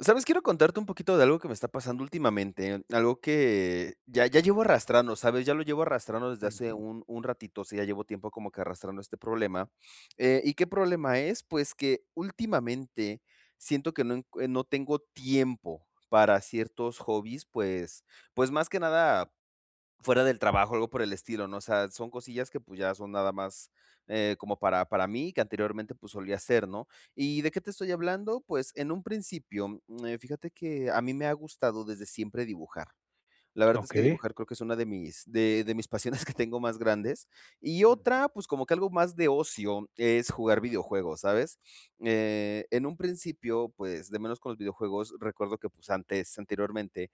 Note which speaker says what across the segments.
Speaker 1: ¿Sabes? Quiero contarte un poquito de algo que me está pasando últimamente. Algo que ya ya llevo arrastrando, ¿sabes? ya lo llevo arrastrando desde hace
Speaker 2: Ujú.
Speaker 1: un un ratito. Sí, ya llevo tiempo como que arrastrando este problema, eh, ¿y qué problema es? Pues, que últimamente siento que no encu no tengo tiempo para ciertos hobbies. Pues pues más que nada fuera del trabajo o algo por el estilo, no. O sea, son cosillas que pues, ya son nada más, eh, como para para mí que anteriormente pues, solía hacer, ¿no? Y de qué te estoy hablando? Pues, en un principio, em, fíjate que a mí me ha gustado desde siempre dibujar. La verdad es que
Speaker 2: Okey.
Speaker 1: dibujar creo que es una de mis de mis pasiones que tengo más grandes, y
Speaker 2: Mm.
Speaker 1: otra, pues, como que algo más de ocio es jugar videojuegos, ¿sabes? Eh, en un principio, pues, de menos con los videojuegos. Recuerdo que pues, antes, anteriormente,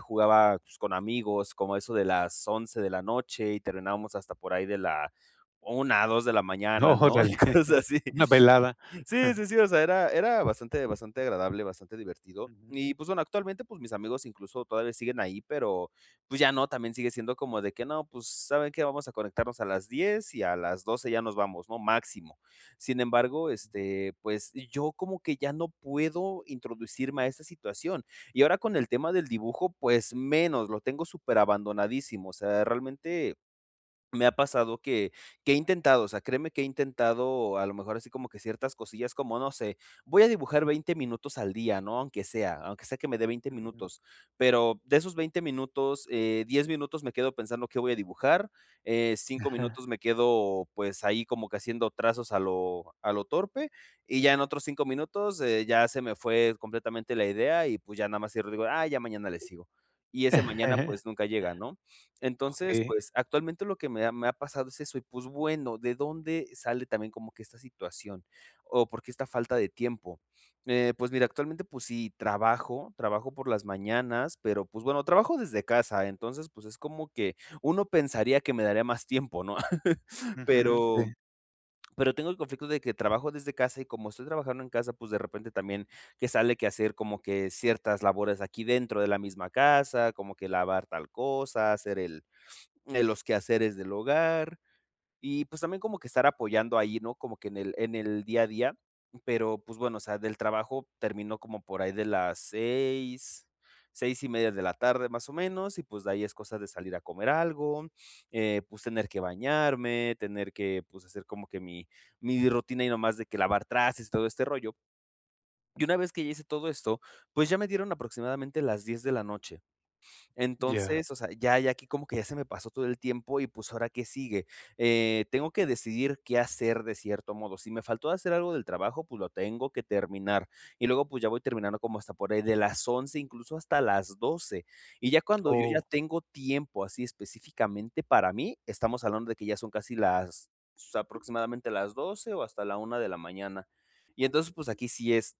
Speaker 1: jugaba con amigos como eso de las 11 de la noche y terminábamos hasta por ahí de la 1, 2 de la mañana, ¿no? Y
Speaker 2: ¡Órale!
Speaker 1: cosas así.
Speaker 2: Una velada.
Speaker 1: Sí, sí, sí. O sea, era era bastante bastante agradable, bastante divertido
Speaker 2: Ujú.
Speaker 1: y pues bueno, actualmente, pues, mis amigos incluso todavía siguen ahí, pero, pues ya no también sigue siendo como de que no. Pues, saben qué vamos a conectarnos a las 10 y a las 12 ya nos vamos, no máximo. Sin embargo, este, pues, yo como que ya no puedo introducirme a esta situación. Y ahora con el tema del dibujo, pues menos, lo tengo súper abandonadísimo. O sea, realmente me ha pasado que que he intentado, o sea, créeme que he intentado a lo mejor así como que ciertas cosillas como no sé, voy a dibujar 20 minutos al día, ¿no? Aunque sea aunque sea que me de 20
Speaker 2: Ujú.
Speaker 1: minutos. Pero, de esos 20 minutos, eh, 10 minutos, me quedo pensando qué voy a dibujar, eh, 5
Speaker 2: Ajá.
Speaker 1: minutos, me quedo pues, ahí como que haciendo trazos a lo a lo torpe y ya en otros 5 minutos, eh, ya se me fue completamente la idea, y pues, ya nada más cierro y digo: "Ah, ya mañana le sigo" y ese mañana pues, nunca llega, ¿no? Entonces
Speaker 2: Okey.
Speaker 1: pues, actualmente lo que me ha me ha pasado es eso, y pues bueno, ¿de dónde sale también como que esta situación? O, ¿por qué esta falta de tiempo? Eh, pues mira, actualmente pues sí, trabajo trabajo por las mañanas, pero, pues bueno, trabajo desde casa. Entonces pues, es como que uno pensaría que me daría más tiempo, ¿no?,
Speaker 2: Ujú, sí.
Speaker 1: pero pero tengo el conflicto de que trabajo desde casa, y como estoy trabajando en casa, pues, de repente también que sale que hacer como que ciertas labores aquí dentro de la misma casa, como que lavar tal cosa, hacer el el los quehaceres del hogar. Y pues, también como que estar apoyando ahí, no, como que en el en el día a día, pero, pues bueno, o sea, del trabajo termino como por ahí de las 6, 6:30 de la tarde, más o menos y pues, de ahí es cosa de salir a comer algo. Eh, pues, tener que bañarme, tener que pues, hacer como que mi mi rutina y no más de que lavar trastes y todo este rollo y una vez que ya hice todo esto, pues, ya me dieron aproximadamente las 10 de la noche.
Speaker 2: Ya.
Speaker 1: Entonces, o sea, ya ya aquí que como que ya se me pasó todo el tiempo y pues, ahora qué sigue. Eh, tengo que decidir qué hacer de cierto modo. Si me faltó hacer algo del trabajo, pues, lo tengo que terminar, y luego pues, ya voy terminando como hasta por ahí de las 11, incluso hasta las 12, y ya cuando yo ya
Speaker 2: ¡Oh!
Speaker 1: tengo tiempo, así específicamente para mí, estamos hablando de que ya son casi las aproximadamente las 12, o hasta la 1 de la mañana. y entonces pues, aquí sí es,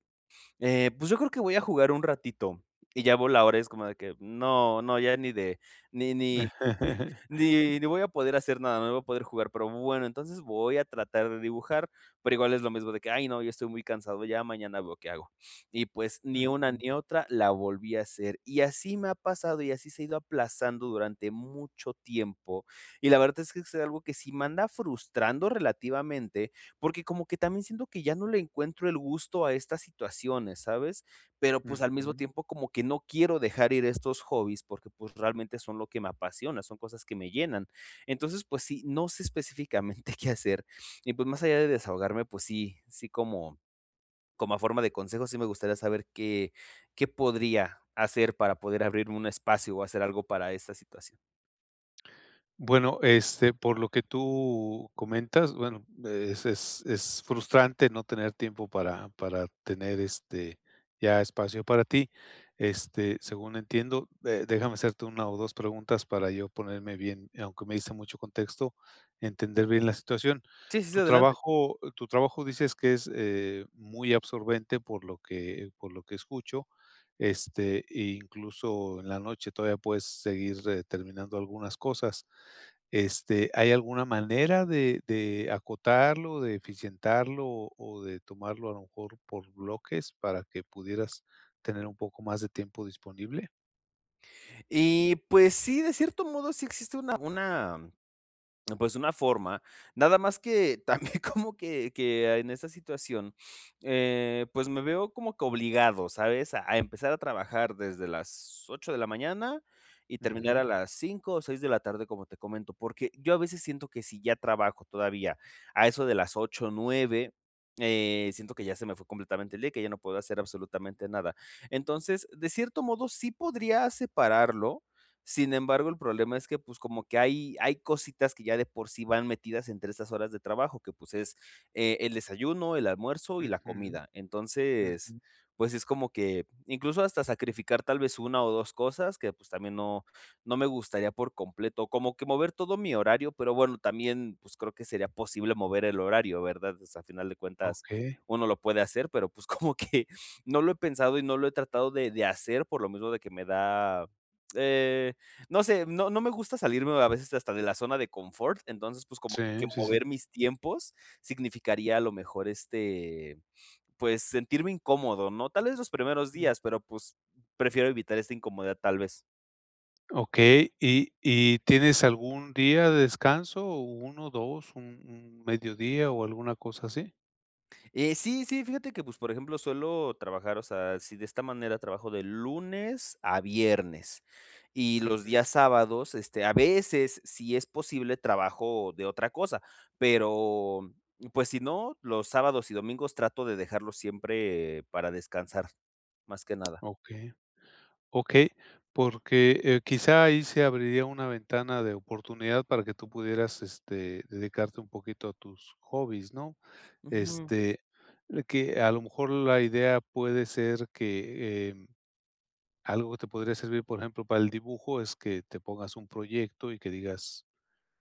Speaker 1: eh, pues, yo creo que voy a jugar un ratito, y ya veo la hora, y es como de que no no, ya ni de ni ni ni ni voy a poder hacer nada. No voy a poder jugar, pero bueno, entonces voy a tratar de dibujar, pero, igual es lo mismo de que ¡ay no! Ya estoy muy cansado. Ya mañana veo qué hago, y pues, ni una
Speaker 2: Ujú.
Speaker 1: ni otra la volví a hacer, y así me pasado y así se ha ido aplazando durante mucho tiempo, y la verdad es que es es algo que sí me anda frustrando relativamente, porque, como que también siento que ya no le encuentro el gusto a estas situaciones, ¿sabes? Pero pues, al mismo
Speaker 2: Ujú.
Speaker 1: tiempo, como que no quiero dejar ir estos hobbies porque, pues realmente son lo que me apasiona. Son cosas que me llenan. Entonces pues sí, no sé específicamente qué hacer y pues, más allá de desahogarme. Pues sí sí, como como a forma de consejo. Sí, me gustaría saber, ¿qué qué podría hacer, para poder abrir un espacio, o hacer algo para esta situación?
Speaker 2: Bueno, este, por lo que tú comentas, bueno, es es es frustrante no tener tiempo para para tener, este, ya espacio para ti. Este, según entiendo, eh, déjame hacerte una o dos preguntas para yo ponerme bien, aunque me diste mucho contexto, entender bien la situación.
Speaker 1: Sí, sí, sí,
Speaker 2: Tu
Speaker 1: adelante.
Speaker 2: trabajo tu trabajo dices que es, eh, muy absorbente, por lo que por lo que escucho, este, incluso en la noche, todavía puedes seguir, eh, terminando algunas cosas. Este, ¿hay alguna manera de de acotarlo, de eficientarlo o o de tomarlo a lo mejor por bloques para que pudieras tener un poco más de tiempo disponible?
Speaker 1: Y pues sí, de cierto modo, sí existe una una pues, una forma, nada más que también como que que en esa situación, eh, pues, me veo como que obligado, ¿sabes? A empezar a trabajar desde las 8 de la mañana y terminar
Speaker 2: Ujú.
Speaker 1: a las 5, o 6, de la tarde, como te comento, porque yo a veces siento que si ya trabajo, todavía a eso de las 8, 9, eh, siento que ya se me fue completamente el día, y que ya no puedo hacer absolutamente nada. Entonces, de cierto modo, sí podría separarlo. Sin embargo, el problema es que, pues, como que hay hay cositas que ya de por sí van metidas entre estas horas de trabajo, que, pues, es, eh, el desayuno, el almuerzo y la
Speaker 2: Ujú,
Speaker 1: comida. Entonces,
Speaker 2: ujú.
Speaker 1: pues es como que incluso hasta sacrificar tal vez una, o dos cosas que, pues, también no no me gustaría por completo, como que mover todo mi horario, pero bueno, también, pues creo, que sería posible mover el horario, ¿verdad? Pues al final de cuentas,
Speaker 2: Okey.
Speaker 1: uno lo puede hacer, pero, pues, como que no lo he pensado y no lo he tratado de de hacer. Por lo mismo de que me da, eh, no sé, no no me gusta salirme a veces hasta de la zona de confort. Entonces, pues, como que
Speaker 2: Sí, sí, sí.
Speaker 1: mover mis tiempos significaría a lo mejor, este, pues, sentirme incómodo, ¿no? Tal vez los primeros
Speaker 2: Mm.
Speaker 1: días, pero pues, prefiero evitar esta incomodidad, tal vez.
Speaker 2: Okey, ¿y y tienes algún día de descanso o 1, 2, un un medio día, o alguna cosa así?
Speaker 1: Eh, sí, sí. Fíjate que pues por ejemplo, suelo trabajar o sea, si de esta manera trabajo de lunes a viernes, y los
Speaker 2: Ujú.
Speaker 1: días sábados, este, a veces si es posible, trabajo de otra cosa, pero, pues si no, los sábados y domingos trato de dejarlo siempre para descansar más que nada.
Speaker 2: Okey okey, porque, eh, quizá ahí se abriría una ventana de oportunidad para que tú pudieras, este, dedicarte un poquito a tus hobbies, ¿no?
Speaker 1: Ujú.
Speaker 2: Este, que a lo mejor la idea puede ser que em, algo que te podría servir, por ejemplo, para el dibujo es que te pongas un proyecto y que digas,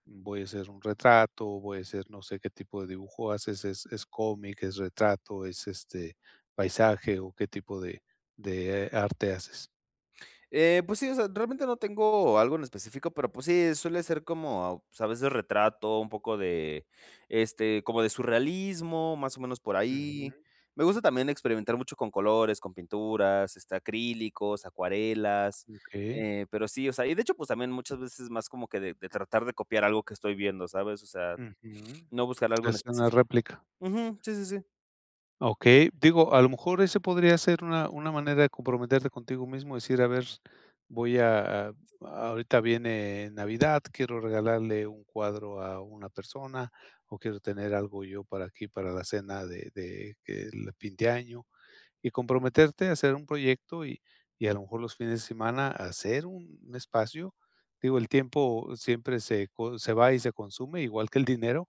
Speaker 2: voy a hacer un retrato, voy a hacer, no sé qué tipo de dibujo haces, ¿es es cómic, es retrato, es, este, paisaje, o qué tipo de de, eh, arte haces?
Speaker 1: Eh, pues, sí, o sea, realmente no tengo algo en específico, pero, pues sí, suele ser como, pues, a veces retrato, un poco de, este, como de surrealismo, más o menos por ahí.
Speaker 2: Ujú.
Speaker 1: Me gusta también experimentar mucho con colores, con pinturas, este, acrílicos, acuarelas,
Speaker 2: Okey.
Speaker 1: eh, pero sí, o sea, y de hecho, pues, también muchas veces más como que de de tratar de copiar algo que estoy viendo, ¿sabes? O sea,
Speaker 2: Ujú.
Speaker 1: no buscar algo en
Speaker 2: Es una
Speaker 1: específico.
Speaker 2: réplica.
Speaker 1: Ujú, sí, sí, sí.
Speaker 2: Okey. Digo, a lo mejor ese podría ser una una manera de comprometerte contigo mismo, decir a ver, voy a a ahorita viene Navidad, quiero regalarle un cuadro a una persona, o quiero tener algo yo para aquí para la cena de de que el fin de año. Y comprometerte a hacer un proyecto y y a lo mejor los fines de semana a hacer un espacio. Digo, el tiempo siempre se co se va y se consume igual que el dinero.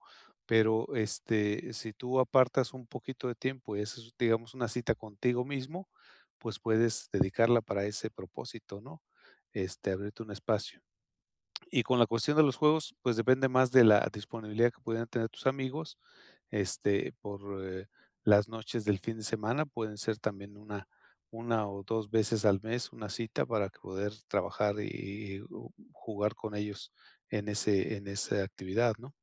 Speaker 2: Pero, este si tú apartas un poquito de tiempo y haces, digamos una cita contigo mismo, pues, puedes dedicarla para ese propósito, ¿no? Este abrirte un espacio. Y con la cuestión de los juegos, pues, depende más de la disponibilidad que pueden tener tus amigos este por, eh, las noches del fin de semana, pueden ser también 1, 1, o 2, veces al mes, una cita para poder trabajar y y o jugar con ellos, en ese en esa actividad, ¿no?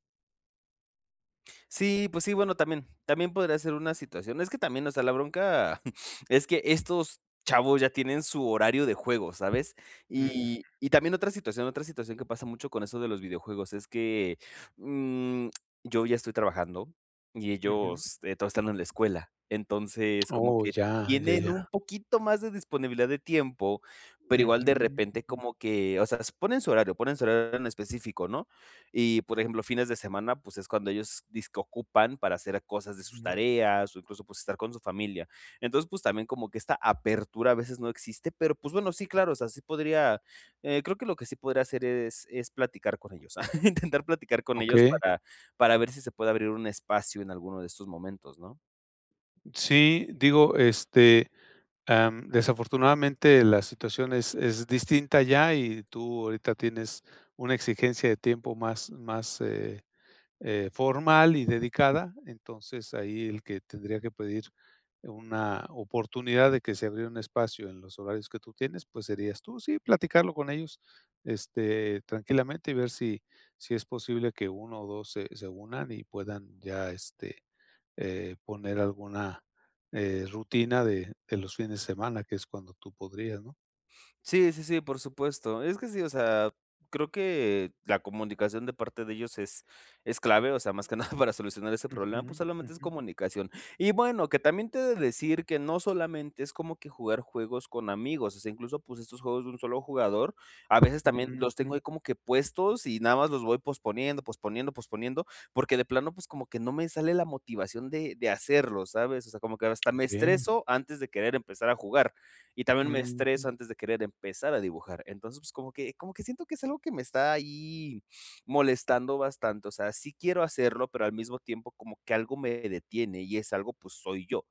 Speaker 1: Sí, pues sí, bueno, también también podría ser una situación. Es que también, o sea, la bronca es que estos chavos, ya tienen su horario de juego, ¿sabes? Y
Speaker 2: Ujú.
Speaker 1: y también otra situación otra situación que pasa mucho con eso de los videojuegos es que, mm, yo ya estoy trabajando y
Speaker 2: Ujú.
Speaker 1: ellos, eh, todos están en la escuela. Entonces como
Speaker 2: Oh,
Speaker 1: que
Speaker 2: ya, ya,
Speaker 1: tienen
Speaker 2: ya.
Speaker 1: un poquito más de disponibilidad de tiempo, pero, igual
Speaker 2: Ujú,
Speaker 1: de repente,
Speaker 2: mm.
Speaker 1: como que, o sea, ponen su horario ponen su horario en específico, ¿no? Y, por ejemplo, fines de semana, pues, es cuando ellos disque ocupan para hacer cosas de sus
Speaker 2: Ujú.
Speaker 1: tareas, o incluso, pues, estar con su familia. Entonces, pues, también como que esta apertura a veces no existe, pero, pues bueno, sí, claro. O sea, sí podría, eh, creo que lo que sí podría hacer es es platicar con ellos, intentar platicar con ellos
Speaker 2: Okey.
Speaker 1: para para ver si se puede abrir un espacio en alguno de estos momentos, ¿no?
Speaker 2: Sí, digo, este, em, desafortunadamente, la situación es es distinta ya. Y tú ahorita tienes una exigencia de tiempo más más, eh eh, formal y dedicada. Entonces, ahí el que tendría que pedir una oportunidad de que se abriera un espacio en los horarios que tú tienes, pues, serías tú. Sí, platicarlo con ellos, este, tranquilamente y ver si si es posible que 1 o 2, se se unan, y puedan ya, este, eh, poner alguna, eh, rutina de de los fines de semana, que es cuando tú podrías, ¿no?
Speaker 1: Sí, sí, sí, por supuesto. Es que sí, o sea, creo que la comunicación de parte de ellos es es clave, o sea, más que nada para solucionar ese problema, pues
Speaker 2: Ujú.
Speaker 1: solamente es
Speaker 2: Ujú.
Speaker 1: comunicación y, bueno, que también te he de decir que no solamente es como que jugar juegos con amigos. O sea, incluso, pues, estos juegos de un solo jugador a veces también
Speaker 2: Ujú.
Speaker 1: los
Speaker 2: Mm.
Speaker 1: tengo ahí como que puestos y nada más los voy posponiendo, posponiendo, posponiendo porque de plano, pues, como que no me sale la motivación de de hacerlo, ¿sabes? O sea, como que hasta me
Speaker 2: Okey.
Speaker 1: estreso antes de querer empezar a jugar. Y también me estreso
Speaker 2: Ujú.
Speaker 1: antes de querer empezar a dibujar. Entonces como que como que siento que es algo que me está ahí molestando bastante. O sea, sí quiero hacerlo, pero al mismo tiempo, como que algo me detiene y ese algo, pues, soy yo.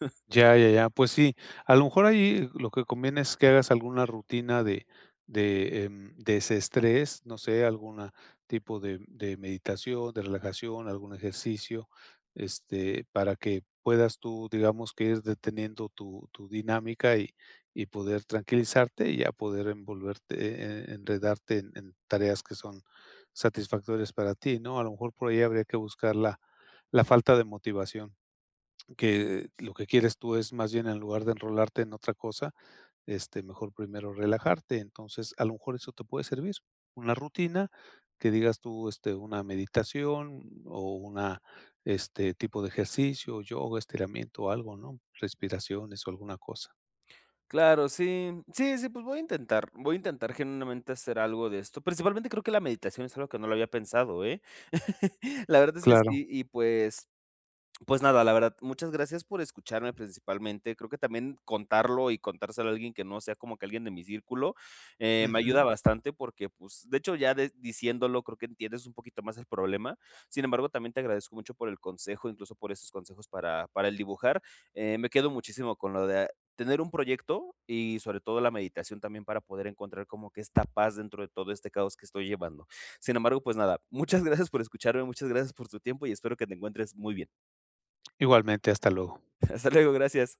Speaker 2: Ya, ya, ya. Pues sí, a lo mejor ahí lo que conviene es que hagas alguna rutina de de, em, desestrés. No sé, alguna tipo de de meditación, de relajación, algún ejercicio, este, para que puedas tú, digamos, que ir deteniendo tu tu dinámica y y poder tranquilizarte y, a poder envolverte, eh, enredarte en en tareas que son satisfactorias para ti, ¿no? A lo mejor por ahí habría que buscar la la falta de motivación, que lo que quieres tú es más bien, en lugar de enrolarte en otra cosa, este, mejor primero relajarte. Entonces a lo mejor eso te puede servir, una rutina que digas tú, este una meditación, o una este tipo de ejercicio, yoga, estiramiento o algo, ¿no? Respiraciones o alguna cosa.
Speaker 1: Claro. Sí, sí, sí. Pues, voy a intentar voy a intentar genuinamente hacer algo de esto principalmente, creo que la meditación es algo que no lo había pensado, eh, la verdad es que sí
Speaker 2: Claro.
Speaker 1: y pues pues, nada, la verdad. Muchas gracias por escucharme principalmente. Creo que también contarlo y contárselo a alguien que no sea, como que alguien de mi círculo, eh, me ayuda
Speaker 2: Ujú.
Speaker 1: bastante porque, pues, de hecho, ya de diciéndolo, creo que entiendes un poquito más el problema. Sin embargo, también te agradezco mucho por el consejo, incluso por esos consejos para para el dibujar. Eh, me quedo muchísimo con lo de tener un proyecto y sobre todo la meditación, también para poder encontrar como que esta paz dentro de todo este caos que estoy llevando. Sin embargo, pues, nada. Muchas gracias por escucharme, muchas gracias por tu tiempo y espero que te encuentres muy bien.
Speaker 2: Igualmente. Hasta luego.
Speaker 1: Hasta luego. Gracias.